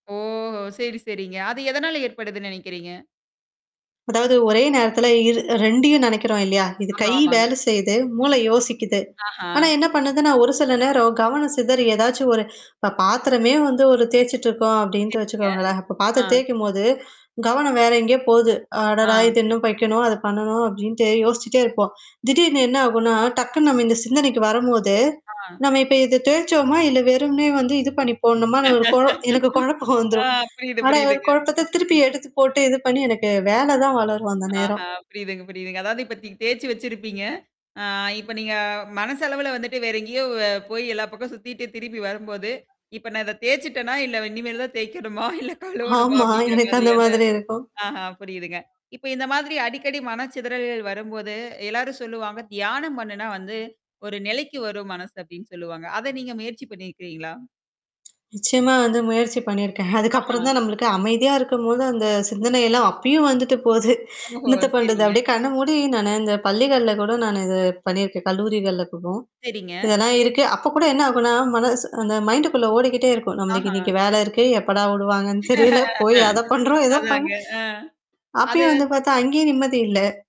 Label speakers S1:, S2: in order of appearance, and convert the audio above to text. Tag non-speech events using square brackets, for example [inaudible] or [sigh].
S1: ஓ! சரி, சரிங்க. அது எதனால ஏற்படுதுன்னு நினைக்கிறீங்க?
S2: அதாவது ஒரே நேரத்தில இரு 2ஐயும் நினைக்கிறோம் இல்லையா? இது
S1: ஆமா,
S2: கை
S1: ஆமாங்க.
S2: வேலை செயு்து, மூளை யோசிக்குது.
S1: ஆஹா!
S2: ஆனா என்ன பண்ணுதுன்னா, ஒரு சில நேரம் கவனம் சிதறி ஏதாச்சும் ஒரு இப்ப பாத்திரமே வந்து ஒரு தேய்ச்சுட்டுருக்கோம் அப்டின்ட்டு
S1: சரிங்க.
S2: வச்சுக்கோங்களேன். அப்ப பாத்திரம்
S1: ஆ.
S2: தேய்க்கும் போது, கவனம் வேற எங்கேயே போகுது. அடடா!
S1: ஆ.
S2: இது இன்னும் வைக்கணும், அது பண்ணணும் அப்படின்ட்டு யோசிச்சுட்டே இருப்போம். திடீர்னு என்ன ஆகும்னா, டக்குனு நம்ம இந்த சிந்தனைக்கு வரும்போது,
S1: ஆ.
S2: நம்ம இப்ப இத தேச்சோமா, இல்ல வெறும்னே வந்து இது பண்ணிப்போடணுமான்னு ஒரு குழ எனக்கு [chuckles]
S1: [laughs]
S2: குழப்பம்
S1: ஆ
S2: வந்துரும்.
S1: புரியுது,
S2: ஆனா,
S1: புரியுதுங்க.
S2: குழப்பத்துல திருப்பி எடுத்து போட்டு இது பண்ணி எனக்கு வேலை தான் வளரும், அந்த நேரம்.
S1: ஆஹா புரியுதுங்க, புரியுதுங்க. அதாவது இப்பத்தக்கு தேய்ச்சு வச்சிருப்பீங்க. ஆ இப்ப நீங்க மனச அளவுல வந்துட்டு வேற எங்கேயோ வ போய் எல்லா பக்கம் சுத்திட்டு திரும்பி வரும்போது, இப்ப நான் இத தேய்சுட்டேனா, இல்ல இனிமேல் தான் தேய்க்கணுமா? இல்ல கழுவணுமா?
S2: ஆமா.
S1: அப்படிங்கிற
S2: எனக்கு அந்த
S1: மாதிரியான
S2: மாதிரி இருக்கும்.
S1: ஆஹா புரியுதுங்க. இப்ப இந்த மாதிரி அடிக்கடி மனச்சிதறல்கள் வரும்போது எல்லாரும் சொல்லுவாங்க, தியானம் பண்ணுனா வந்து ஒரு நிலைக்கு வரும் மனசு அப்படின்னு சொல்லுவாங்க. அத நீங்க முயற்சி பண்ணியிருக்கிங்களா?
S2: நிச்சயமா வந்து முயற்சி பண்ணியிருக்கேன். அதுக்கப்புறம்
S1: ஆஹா.
S2: தான் நம்மளுக்கு அமைதியா இருக்கும்போது அந்த சிந்தனைல்லாம் அப்பயும் வந்துட்டு போகுது.
S1: ஓஹோ!
S2: என்னத்த பண்றது?
S1: சரிங்க.
S2: அப்படியே கண்ண மூடி நானு இந்த பள்ளிகள்ல கூட நானு இது பண்ணியிருக்கேன் கல்லூரிகள்ல கூட.
S1: சரிங்க.
S2: இதெல்லாம் இருக்கு. அப்போ கூட என்ன ஆகும்னா, மனசு அந்த மைண்டுக்குள்ள ஓடிக்கிட்டே இருக்கும். நம்மளுக்கு
S1: ஆஹா.
S2: இன்னைக்கு வேல இருக்கு எப்படா விடுவாங்கன்னு தெரியல. போய் அத பண்றோம், ஏதோ பண்ண
S1: அதாங்க. ஆ. அது
S2: அப்பயும் வந்து பார்த்தா, அங்கேயும் நிம்மதி இல்ல.